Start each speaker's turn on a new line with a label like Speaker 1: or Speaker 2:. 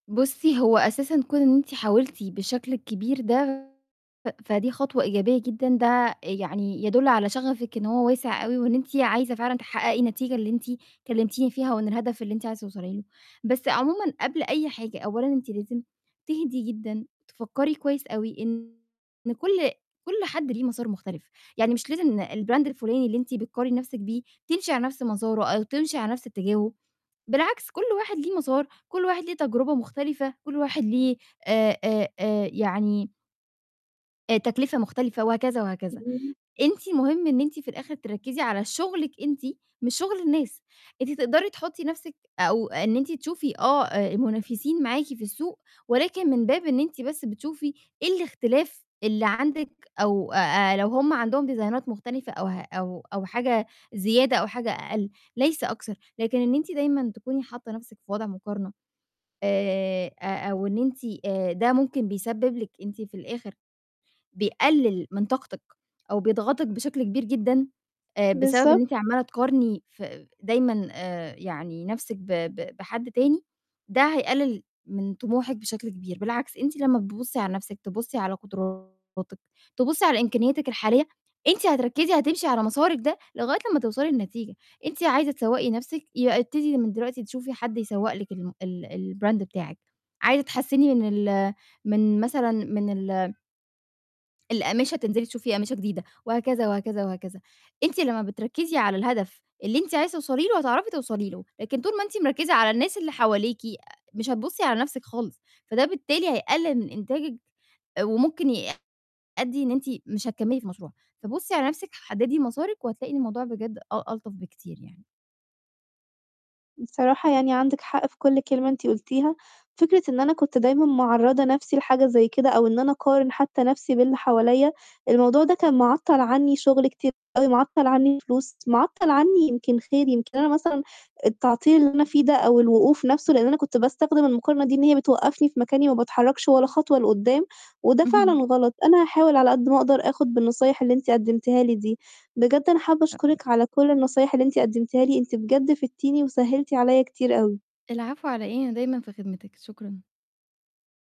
Speaker 1: بُصي، هو أساسًا كون إن أنتِ حاولتِ بالشكل الكبير ده، فدي خطوة إيجابية جدًا، ده يعني يدل على شغفِك إن هو واسع أوي، وإن أنتِ عايزة فعلًا تحققي النتيجة اللي أنتِ كلمتيني فيها، وإن الهدف اللي أنتِ عايزة توصلي له، بس عمومًا قبل أي حاجة، أولًا أنتِ لازم تهدي جدًا، تفكري كويس أوي إن كل كل حد ليه مسار مختلف، يعني مش لازم ن الBrand الفلاني اللي أنتِ بتقارني نَفْسِك بيه، تمشي على نَفْس مساره أو تمشي على نَفْس اتجاهه، بالعكس كل واحد ليه مسار، كل واحد ليه تجربة مختلفة، كل واحد ليه آآ آآ آآ يعني آآ، تكلفة مختلفة وهكذا وهكذا،
Speaker 2: [unintelligible]
Speaker 1: أنتِ مهم إن أنتِ في الآخر تركّزي على شغلِك أنتِ، مش شغل الناس، أنتِ تقدري تحطي نَفْسِك أو إن أنتِ تشوفي آه، آآ، المنافسين معاكِ في السوق، ولكن من باب إن أنتِ بس بتشوفي إيه الاختلاف اللي عندِك أو آآ، لو هُم عندهم ديزاينات مختلفة أو ه أو أو حاجة زيادة أو حاجة أقل، ليس أكثر، لكن إن أنتِ دايمًا تكوني حاطة نَفْسِك في وضع مقارنة آآ، أ أو إن أنتِ آآ، ده ممكن بيسبب لك أنتِ في الآخر، بيقلل من طاقتِك أو بيضغطِك بشكل كبير جدًا آآ، بسبب إن
Speaker 2: بالضبط.
Speaker 1: أنتِ عمالة تقارني ف دايمًا آآ، يعني نَفْسِك ب ب بحد تاني، ده هيقلل من طموحِك بشكل كبير، بالعكس أنتِ لمّا بتبُصي على نَفْسِك، تبُصي على قدراتِك، تبُصي على إمكانياتِك الحالية، أنتِ هتركّزي هتمشي على مسارِك ده لغاية لمّا توصلي لنتيجة، أنتِ عايزة تسوَّقي نَفْسِك؟ يبقى ابتدي من دلوقتي تشوفي حد يسوَّق لِك الم ال الBrand بتاعِك، عايزة تحسني من ال من مثلًا من ال الأقمشة، تنزلي تشوفي أقمشة جديدة وهكذا وهكذا وهكذا، أنتِ لمّا بتركّزي على الهدف اللي أنتِ عايزة توصلي له، هتعرفي توصلي له، لكن طول ما أنتِ مركِّزة على الناس اللي حواليكِ آآ، مش هتبُصي على نَفْسِك خالص، فده بالتالي هيقلل من إنتاجِك آآ، وممكن يأدي إن أنتِ مش هتكمّلي في مشروعِك، فبُصي على نَفْسِك، حددي مسارِك وهتلاقي إن الموضوع بجد أ ألطف بكتير يعني.
Speaker 2: بصراحة يعني عندِك حق في كل كلمة أنتِ قُلتيها، فكرة إن أنا كنت دايمًا معرّضة نَفْسي لحاجة زي كده أو إن أنا أقارن حتى نَفْسي باللي حواليّا، الموضوع ده كان معطّل عني شغلي كتير أوي، معطّل عني فلوس، معطّل عني يمكن خير، يمكن أنا مثلًا التعطيل اللي أنا فيه ده أو الوقوف نَفْسه، لإن أنا كنت باستخدم المقارنة دي إن هي بتوقّفني في مكاني وما باتحركش ولا خطوة لقدّام، وده فعلًا
Speaker 1: اهم.
Speaker 2: غلط، أنا هاحاول على قدّ ما أقدر، آخد بالنصايح اللي أنتِ قدمتيها لي دي، بجد أنا حابة
Speaker 1: [unintelligible]
Speaker 2: أشكرِك على كل النصايح اللي أنتِ قدمتيها لي، أنتِ بجد فِدتيني وسهلتِ علي كتير أوي.
Speaker 1: العفو على إيه، أنا دايمًا في خدمتِك، شكرًا.